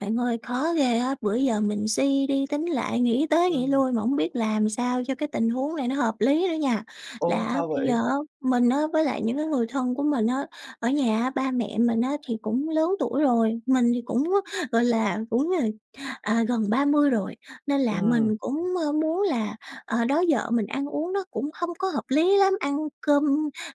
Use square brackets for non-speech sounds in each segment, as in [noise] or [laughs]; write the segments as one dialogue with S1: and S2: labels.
S1: Bạn ơi, khó ghê á, bữa giờ mình suy đi tính lại nghĩ tới nghỉ
S2: Ừm.
S1: lui mà hổng biết làm sao cho cái tình huống này nó hợp lý nữa nha.
S2: Ô,
S1: Là á
S2: sao
S1: bây giờ
S2: vậy?
S1: á mình á với lại những cái người thân của mình á, ở nhà á ba mẹ mình á thì cũng lớn tuổi rồi, mình thì cũng á, gọi là, cũng, ờ, à, gần ba mươi rồi, nên là
S2: Ừm.
S1: mình cũng, ơ, muốn là ờ, đó giờ mình ăn uống nó cũng hông có hợp lý lắm, ăn cơm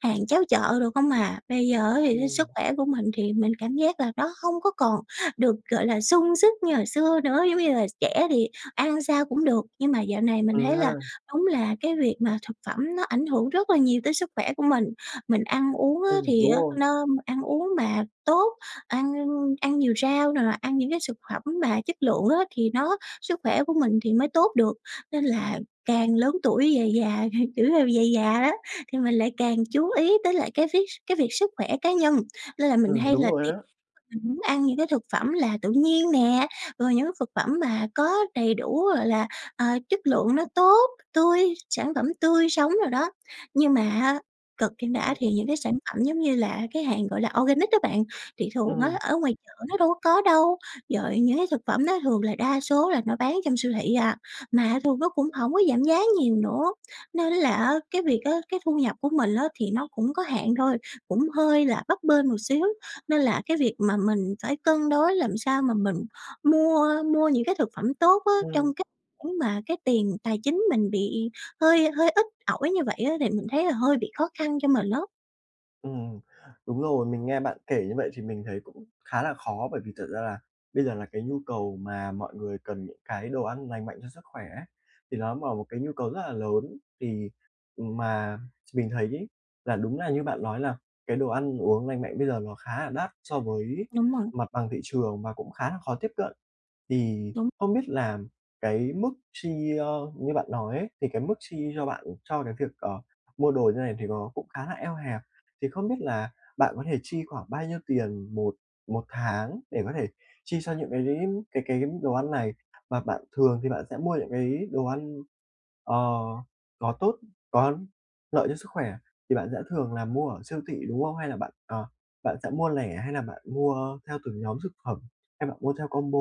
S1: hàng cháo chợ đồ không à. Bây giờ á thì cái sức
S2: Ừm.
S1: khỏe của mình thì mình cảm giác là nó hông có còn được, gọi là, sung sức như hồi xưa nữa. Giống như là trẻ thì ăn sao cũng được, nhưng mà dạo này mình
S2: Ừ
S1: thấy là
S2: ha.
S1: đúng là cái việc mà thực phẩm nó ảnh hưởng rất là nhiều tới sức khỏe của mình, mình ăn uống á
S2: Ừm,
S1: thì
S2: đúng
S1: á
S2: rồi.
S1: nó ăn uống mà tốt, ăn ăn nhiều rau nè, ăn những cái xực phẩm mà chất lượng á thì nó sức khỏe của mình thì mới tốt được. Nên là càng lớn tuổi về già, [laughs] kiểu, theo về già đó thì mình lại càng chú ý tới lại cái vít cái việc sức khỏe cá nhân, nên là mình
S2: Ừm,
S1: hay
S2: đúng
S1: là
S2: rồi
S1: tìm
S2: á.
S1: mình muốn ăn những cái thực phẩm là tự nhiên nè, rồi những cái thực phẩm mà có đầy đủ, gọi là, ờ, chất lượng nó tốt, tươi, sản phẩm tươi sống đồ đó. Nhưng mà á, cực chẳng đã
S2: Ừm.
S1: thì những cái sản phẩm giống như là cái hàng, gọi là, organic đó bạn, thì thường
S2: Ừm.
S1: á ở ngoài chợ nó đâu có có đâu. Rồi những cái thực phẩm đó thường là đa số là nó bán trong siêu thị à, mà thường nó cũng hổng có giảm giá nhiều nữa nên là á cái việc á cái thu nhập của mình á thì nó cũng có hạn thôi, cũng hơi là bấp bênh một xíu nên là cái việc mà mình phải cân đối làm sao mà mình mua mua những cái thực phẩm tốt á
S2: Ừm.
S1: trong cách khoản mà cái tiền tài chính mình bị hơi hơi ít ỏi như vậy á thì mình thấy là hơi bị khó khăn cho mình á.
S2: Ừm, đúng rồi, mình nghe bạn kể như vậy thì mình thấy cũng khá là khó, bởi vì thật ra là bây giờ là cái nhu cầu mà mọi người cần những cái đồ ăn lành mạnh cho sức khỏe ấy, thì ló mở một cái nhu cầu rất là lớn. Thì, ừm, mà, ch mình thấy ấy, là đúng là như bạn lói là cái đồ ăn uống lành mạnh bây giờ nó khá là đắt so với
S1: Đúng rồi.
S2: mặt bằng thị trường và cũng khá là khó tiếp cận. Thì
S1: Đúng.
S2: không biết là cái mức chi, ơ, như bạn nói ấy, thì cái mức chi cho bạn, cho cái việc, ờ, mua đồ như này thì nó cũng khá là eo hẹp. Thì không biết là bạn có thể chi khoảng bao nhiêu tiền một một tháng để có thể chi cho những cái cái cái đồ ăn này? Và bạn thường thì bạn sẽ mua những cái đồ ăn, ờ, có tốt có lợi cho sức khỏe thì bạn sẽ thường là mua ở siêu thị, đúng không? Hay là bạn, ờ, bạn sẽ mua lẻ hay là bạn mua theo từng nhóm thực phẩm? Hay bạn mua theo combo?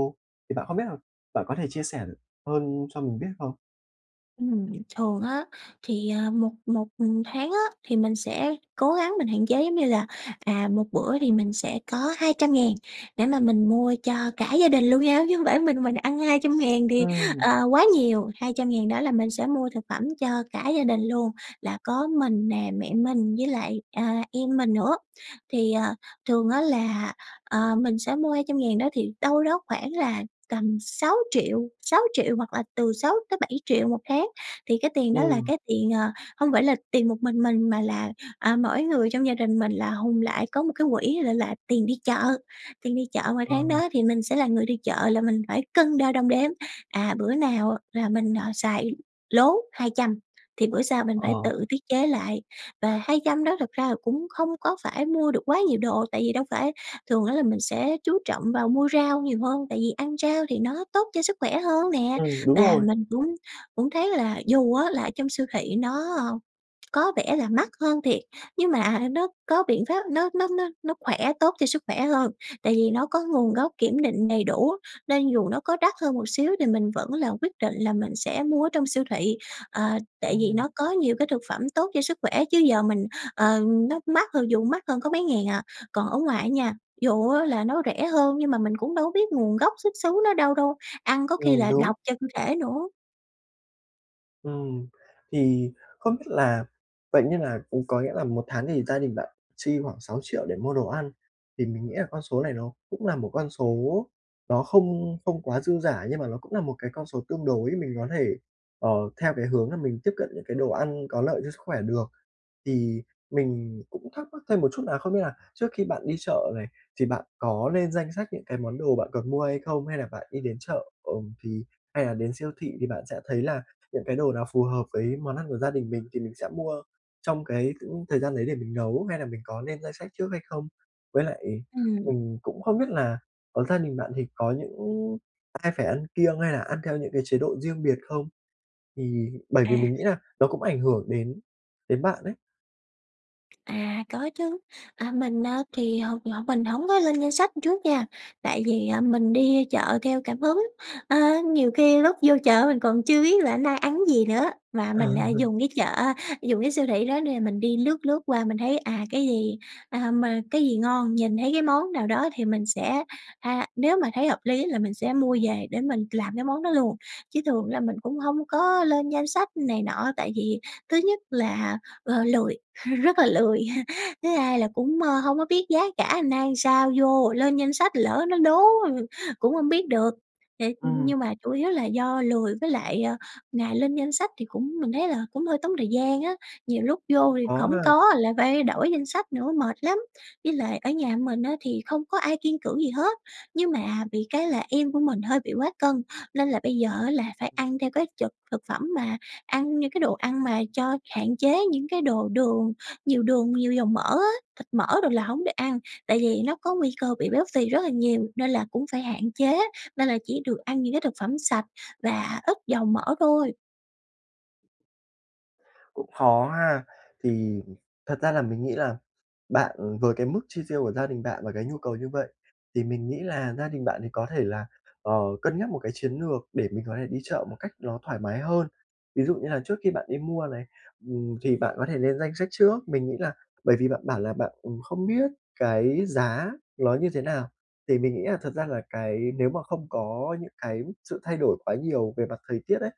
S2: Thì bạn không biết l bạn có thể chia sẻ hơn cho mình biết không?
S1: Ừm, thường á thì, ờ, một một, ừm, tháng á, thì mình sẽ cố gắng mình hạn chế, giống như là, à, một bữa thì mình sẽ có 200.000 để mà mình mua cho cả gia đình luôn nha, chứ hông phải mình mình ăn 200.000 thì,
S2: Ừm.
S1: ờ, quá nhiều. 200.000 đó là mình sẽ mua thực phẩm cho cả gia đình luôn, là có mình nè, mẹ mình với lại, à, em mình nữa. Thì, ờ, thường á là, ờ, mình sẽ mua 200.000 đó thì đâu đó khoảng là tầm sáu triệu sáu triệu hoặc là từ 6.000.000-7.000.000 một tháng. Thì cái tiền đó là
S2: Ừm.
S1: cái tiền, ờ, hông phải là tiền một mình mình mà là, à, mỗi người trong gia đình mình là hùn lại, có một cái quỹ l là tiền đi chợ. Tiền đi chợ mà
S2: Ờ.
S1: tháng đó thì mình sẽ là người đi chợ là mình phải cân đo đong đếm, à, bữa nào là mình, ờ, xài lố 200 thì bữa sau mình phải
S2: Ờ.
S1: tự tiết chế lại. Và 200 đó thực ra là cũng không có phải mua được quá nhiều đồ, tại vì đâu phải thường á là mình sẽ chú trọng vào mua rau nhiều hơn, tại vì ăn rau thì nó tốt cho sức khỏe hơn nè.
S2: Ừm, đúng
S1: Và
S2: rồi.
S1: mình cũng cũng thấy là dù á là trong siêu thị nó, ờ, có vẻ là mắc hơn thiệt, nhưng mà nó có biện pháp, nó nó nó nó khỏe, tốt cho sức khỏe hơn tại vì nó có nguồn gốc kiểm định đầy đủ. Nên dù nó có đắt hơn một xíu thì mình vẫn là quyết định là mình sẽ mua ở trong siêu thị, à, tại vì
S2: Ừm.
S1: nó có nhiều cái thực phẩm tốt cho sức khỏe, chứ giờ mình ờ, nó mắc hơn, dù mắc hơn có mấy ngàn à. Còn ở ngoài á nha, dù á là nó rẻ hơn nhưng mà mình cũng đâu có biết nguồn gốc xuất xứ nó đâu đâu, ăn có khi
S2: Ừm,
S1: là
S2: đúng.
S1: độc cho cơ thể nữa.
S2: Ừm, thì không biết là vậy như là cũng có nghĩa là 1 tháng thì gia đình bạn chi khoảng 6 triệu để mua đồ ăn, thì mình nghĩ là con số này nó cũng là một con số nó không không quá dư giả nhưng mà nó cũng là một cái con số tương đối mình có thể, ờ, theo cái hướng là mình tiếp cận những cái đồ ăn có lợi cho sức khỏe được. Thì mình cũng thắc mắc thêm một chút nà, không biết là trước khi bạn đi chợ này thì bạn có lên danh sách những cái món đồ bạn cần mua hay không hay là bạn đi đến chợ, ờm, thì hay là đến siêu thị thì bạn sẽ thấy là những cái đồ nào phù hợp với món ăn của gia đình mình thì mình sẽ mua trong cái khoảng thời gian đấy để mình nấu hay là mình có lên danh sách trước hay không? Với lại,
S1: Ừm.
S2: ừm, cũng không biết là ở gia đình bạn thì có những ai phải ăn kiêng hay là ăn theo những cái chế độ riêng biệt không? Thì bởi vì mình
S1: À.
S2: nghĩ là nó cũng ảnh hưởng đến đến bạn ấy.
S1: À, có chứ. À, mình, a, thì hông thì hổng mình hổng có lên danh sách trước nha, tại vì, à, mình đi chợ theo cảm hứng, ơ, nhiều khi lúc vô chợ mình còn chưa biết là nay ăn cái gì nữa, mà
S2: Ờ.
S1: mình, à, dùng cái chợ, a, dùng cái siêu thị đó để mình đi lướt lướt qua mình thấy, à, cái gì, à, mà cái gì ngon, nhìn thấy cái món nào đó thì mình sẽ ha, nếu mà thấy hợp lý là mình sẽ mua về để mình làm cái món đó luôn. Chứ thường là mình cũng hông có lên danh sách này nọ tại vì thứ nhất là, ờ, lười rất là lười. [laughs] thứ hai là cũng, ơ, hông có biết giá cả nay sao vô ồ lên danh sách lỡ nó lố [laughs] cũng hông biết được. Thiệt,
S2: Ừm.
S1: nhưng mà chủ yếu là do lười với lại, ơ, ngày lên danh sách thì cũng mình thấy là cũng hơi tốn thời gian á, nhiều lúc vô thì
S2: Khó
S1: hổng
S2: ha.
S1: có lại phải đổi danh sách nữa, mệt lắm. Với lại ở nhà mình á thì không có ai kiêng cữ gì hết, nhưng mà bị cái là em của mình hơi bị quá cân nên là bây giờ á là phải
S2: Ừm.
S1: ăn theo cái chực thực phẩm mà ăn những cái đồ ăn mà cho hạn chế những cái đồ đường, nhiều đường nhiều dầu mỡ á, thịt mỡ đồ là hổng được ăn, tại vì nó có nguy cơ bị béo phì rất là nhiều nên là cũng phải hạn chế, nên là chỉ được ăn những cái thực phẩm sạch và ức dầu mỡ thôi.
S2: Cũng khó ha. Thì, ừm, thật ra là mình nghĩ là bạn, ừm, với cái mức chi tiêu của gia đình bạn và cái nhu cầu như vậy, thì mình nghĩ là gia đình bạn thì có thể là, ờ, cân nhắc một cái chiến lược để mình có thể đi chợ một cách ló thoải mái hơn. Ví dụ như là trước khi bạn đi mua này, ừm, thì bạn có thể lên danh sách trước. Mình nghĩ là bởi vì bạn bảo là bạn, ừm, không biết cái giá ló như thế nào, thì mình nghĩ là thật ra là cái nếu mà không có những cái sự thay đổi quá nhiều về mặt thời tiết ấy,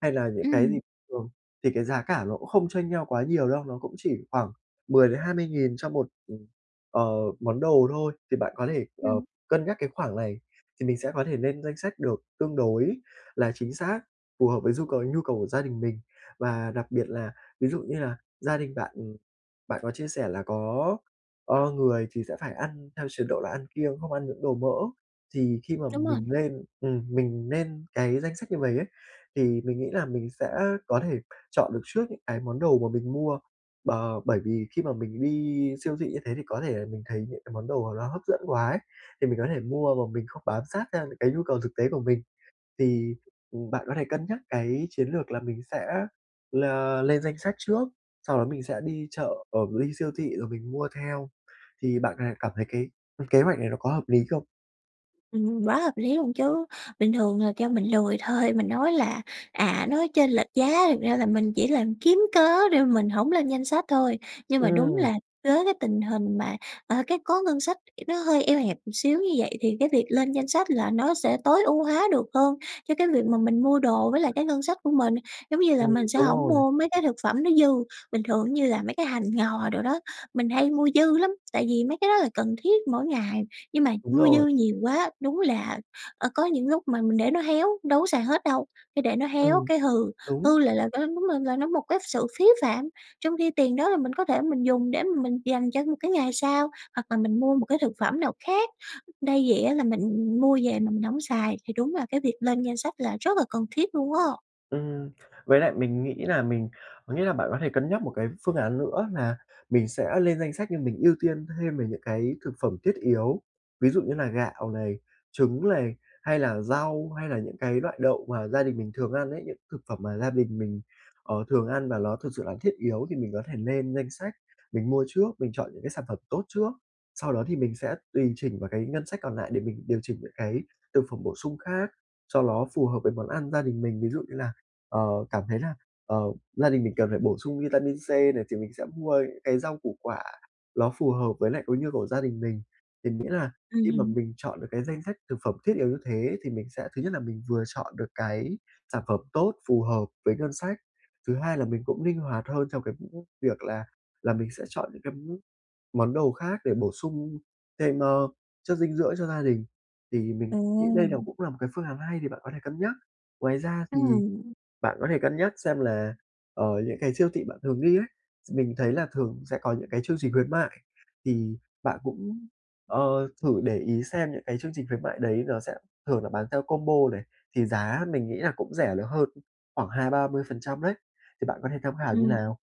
S2: hay là những cái gì
S1: Ừm.
S2: thường thì cái giá cả ló không chênh nhau quá nhiều đâu, nó cũng chỉ khoảng 10-20 nghìn cho một, ừm, ờ, món đồ thôi. Thì bạn có thể, ờ,
S1: Ừm.
S2: cân nhắc cái khoảng này thì mình sẽ có thể lên danh sách được tương đối là chính xác, phù hợp với du cầu nhu cầu của gia đình mình. Và đặc biệt là ví dụ như là gia đình bạn, ừm, bạn có chia sẻ là có, ơ, người thì sẽ phải ăn theo chế độ là ăn kiêng, không ăn những đồ mỡ thì khi mà
S1: Đúng rồi.
S2: mình lên, ừm, mình nên cái danh sách như vầy á, thì mình nghĩ là mình sẽ có thể chọn được trước những ái món đồ mà mình mua, b bởi vì khi mà mình đi siêu thị như thế, thì có thể là mình thấy những cái món đồ mà ló hấp dẫn quá ấy, thì mình có thể mua mà mình không bám sát sang những cái nhu cầu thực tế của mình. Thì, ừm, bạn có thể cân nhắc cái chiến lược là mình sẽ là lên danh sách trước, sau đó mình sẽ đi chợ ở mình đi siêu thị rồi mình mua theo. Thì bạn có thể cảm thấy cái, ưm, kế hoạch này nó có hợp lý không?
S1: Ừm, quá hợp lý luôn chứ, bình thường là kêu mình lươi thôi mình nói là: "À, nói chênh lệch giá." thực ra là mình chỉ làm kiếm cớ để mình hổng lên danh sách thôi, nhưng mà đúng
S2: Ừm.
S1: là với tình hình mà, ờ, cái có ngân sách nó hơi eo hẹp một xíu như vậy thì cái việc lên danh sách là nó sẽ tối ưu hóa được hơn cho cái việc mà mình mua đồ với lại cái ngân sách của mình. Giống như là
S2: Ừm,
S1: mình sẽ
S2: đúng
S1: hổng
S2: rồi.
S1: mua mấy cái thực phẩm nó dư, bình thường như là mấy cái hành ngò đồ đó mình hay mua dư lắm, tại vì mấy cái đó là cần thiết mỗi ngày, nhưng mà
S2: Đúng
S1: mua
S2: rồi.
S1: dư nhiều quá, đúng là, ờ, có những lúc mà mình để nó héo đâu có xài hết đâu, cái để nó héo
S2: Ừm.
S1: cái hư,
S2: Đúng.
S1: hư là là phải [unintelligible] đúng là là nó một cái sự phí phạm. Trong khi tiền đó là mình có thể mình dùng để mà mình dành cho một cái ngày sau hoặc là mình mua một cái thực phẩm nào khác, đây vậy á là mình mua về mà mình hổng xài thì đúng là cái việc lên danh sách là rất là cần thiết luôn á.
S2: Ừm. Với lại mình nghĩ là mình có nghĩa là bạn có thể cân nhắc một cái phương án nữa nà mình sẽ lên danh sách nhưng mình ưu tiên thêm về những cái thực phẩm thiết yếu. Ví dụ như là gạo này, trứng này, hay là rau hay là những cái loại đậu mà gia đình mình thường ăn ấy, những thực phẩm mà gia đình mình, ờ, thường ăn và ló thực sự là thiết yếu thì mình có thể nên danh sách mình mua trước, mình chọn những cái sản phẩm tốt trước. Sau đó thì mình sẽ tùy chỉnh vào cái ngân sách còn lại để mình điều chỉnh những cái thực phẩm bổ sung khác cho nó phù hợp với món ăn gia đình mình. Ví dụ như là, ờ, cảm thấy là, ờ, gia đình mình cần phải bổ sung vitamin C này thì mình sẽ mua những cái rau củ quả ló phù hợp với nại cái nhu của gia đình mình, thì nghĩa là khi mà
S1: Ừm.
S2: mình chọn được cái danh sách thực phẩm thiết yếu như thế thì mình sẽ thứ nhất là mình vừa chọn được cái sản phẩm tốt, phù hợp với ngân sách, thứ hai là mình cũng ninh hoạt hơn trong cái những việc là là mình sẽ chọn những cái món đồ khác để bổ sung thêm, ơ, chất dinh dưỡng cho gia đình thì mình nghĩ đây là
S1: Ừm.
S2: cũng là một cái phương án hay thì bạn có thể cân nhắc. Ngoài ra thì
S1: Ừm.
S2: bạn có thể cân nhắc xem là, ờ, những cái siêu thị bạn thường đi ấy, s mình thấy là thường sẽ có những cái chương trình khuyến mại thì bạn cũng, ờ, thử để ý xem những cái chương trình khuyến mại đấy nó sẽ thường là bán theo combo này thì giá mình nghĩ là cũng rẻ được hơn khoảng 20%-30% đấy thì bạn có thể tham khảo như
S1: Ừm.
S2: nào.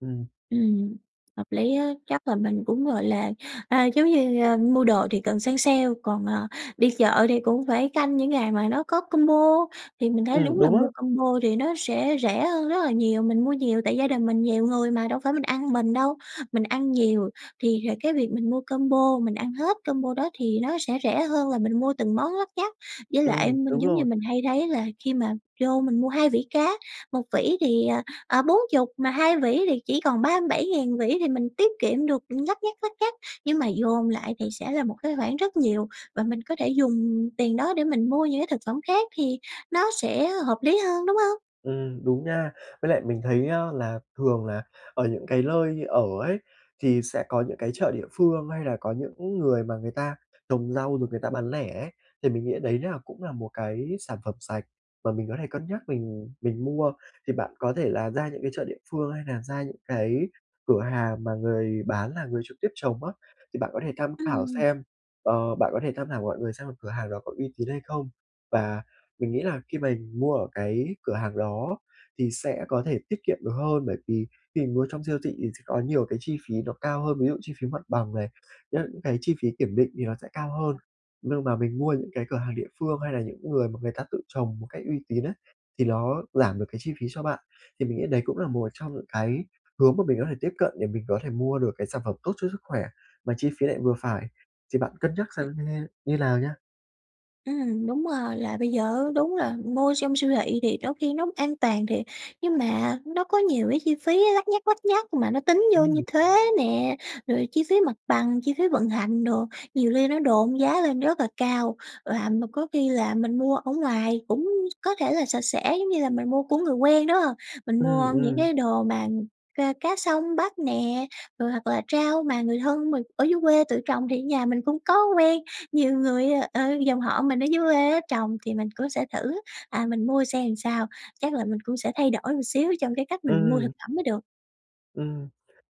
S2: Ừm.
S1: Ừm, hợp lý á. Chắc là mình cũng, gọi là, à, giống như, ờ, mua đồ thì cần săn sale còn, ờ, đi chợ thì cũng phải canh những ngày mà nó có combo, thì mình thấy
S2: Ừm,
S1: đúng là
S2: đúng á.
S1: mua combo thì nó sẽ rẻ hơn rất là nhiều. Mình mua nhiều tại gia đình mình nhiều người mà đâu phải mình ăn mình đâu, mình ăn nhiều thì hệt cái việc mình mua combo, mình ăn hết combo đó thì nó sẽ rẻ hơn là mình mua từng món lắt nhắt. Với lại
S2: Ừm,
S1: anh mình
S2: đúng
S1: giống như
S2: rồi.
S1: mình hay thấy là khi mà vô mình mua hai vỉ cá, 1 vỉ thì, ờ, ờ, 40 mà 2 vỉ thì chỉ còn 37.000 một vỉ thì mình tiết kiệm được lắt nhắt, lắt nhắt, nhưng mà dồn lại thì sẽ là một cái khoản rất nhiều và mình có thể dùng tiền đó để mình mua những cái thực phẩm khác thì nó sẽ hợp lý hơn, đúng hông?
S2: Ừm, đúng nha. Với lại mình thấy, a, là thường là ở những cái lơi ở ấy thì sẽ có những cái chợ địa phương hay là có những người mà người ta trồng rau rồi người ta bán lẻ ấy, thì mình nghĩ đấy là cũng là một cái sản phẩm sạch mà mình có thể cân nhắc mình mình mua thì bạn có thể là ra những cái chợ địa phương hay nà ra những cái cửa hàng mà người bán là người trực tiếp trồng á. Thì bạn có thể tham khảo
S1: Ừm.
S2: xem, ờ, bạn có thể tham khảo mọi người xem là cửa hàng đó có uy tín hay không và mình nghĩ là khi mà mua ở cái cửa hàng đó thì sẽ có thể tiết kiệm được hơn bởi vì khi mình mua trong siêu thị thì sẽ có nhiều cái chi phí nó cao hơn, ví dụ chi phí mặt bằng này, những cái chi phí kiểm định thì nó sẽ cao hơn nhưng mà mình mua những cái cửa hàng địa phương hay là những người mà người ta tự trồng một cách uy tín á, thì nó giảm được cái chi phí cho bạn. Thì mình nghĩ đấy cũng là một trong những cái hướng mà mình có thể tiếp cận để mình có thể mua được cái sản phẩm tốt cho sức khỏe mà chi phí lại vừa phải, thì bạn cân nhắc xem
S1: Ừm.
S2: như thê như nào nhá.
S1: Ừm, đúng rồi là bây giờ á, đúng là mua trong siêu thị thì đôi khi nó an toàn thiệt, nhưng mà nó có nhiều cái chi phí lắt nhắt, lắt nhắt mà nó tính vô như
S2: Ừm.
S1: thuế nè rồi chi phí mặt bằng, chi phí vận hành đồ nhiều khi nó độn giá lên rất là cao và một có khi là mình mua ở ngoài cũng có thể là sạch sẽ, giống như là mình mua của người quen, đúng hông? Mình
S2: Ừm,
S1: mua những
S2: ừm.
S1: cái đồ mà ca cá sông bắt nè rồi hoặc là rau mà người thân mình ở dưới quê tự trồng thì ở nhà mình cũng có quen, nhiều người, ờ, dòng họ mình ở dưới quê á trồng thì mình cũng sẽ thử, à, mình mua xem là, sao, chắc là mình cũng sẽ thay đổi một xíu trong cái cách mình mua thực
S2: Ừm.
S1: phẩm mới được.
S2: Ừm.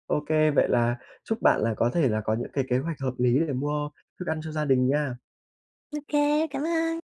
S2: Ô kê, vậy là chúc bạn là có thể là có những cái kế hoạch hợp lý để mua thức ăn cho gia đình nha.
S1: Ô kê, cảm ơn.